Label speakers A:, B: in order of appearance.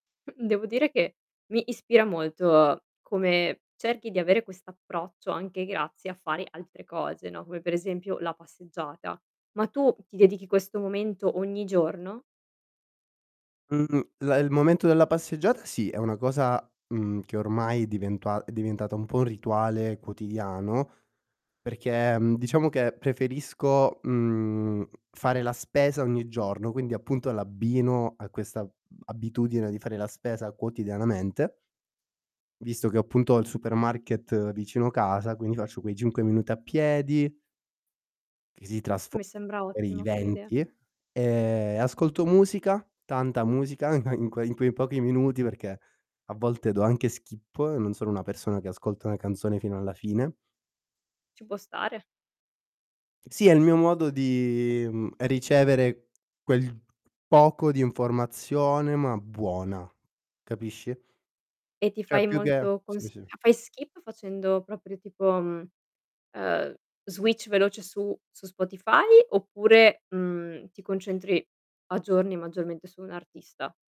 A: Mh, devo dire che mi ispira molto come cerchi di avere quest'approccio anche grazie a fare altre cose, no, come per esempio la passeggiata. Ma tu ti dedichi questo momento ogni giorno?
B: Mhmm, la il momento della passeggiata sì, è una cosa, mhmm, che ormai è diventua è diventata un po' un rituale quotidiano, perché, mhmm, diciamo che preferisco, mhmm, fare la spesa ogni giorno, quindi appunto l'abbino a questa abitudine di fare la spesa quotidianamente visto che ho appunto il supermarket vicino casa, quindi faccio quei 5 minuti a piedi che si trasfo
A: Mi sembra
B: [unintelligible] in
A: ottima come idea.
B: 20, ehm, ascolto musica, tanta musica in que in quei pochi minuti perché a volte do anche skip, non sono una persona che ascolta una canzone fino alla fine.
A: Ci può stare.
B: Sì è il mio modo di, mhmm, ricevere quel poco di informazione, ma buona, capisci?
A: E ti
B: Cioè
A: fai
B: più che
A: molto
B: sì,
A: consiglia
B: sì.
A: fai skip facendo proprio tipo, mhmm, ehm, switch veloce su su Spotify, oppure, mmhm, ti concentri aggiorni maggiormente su un'artista?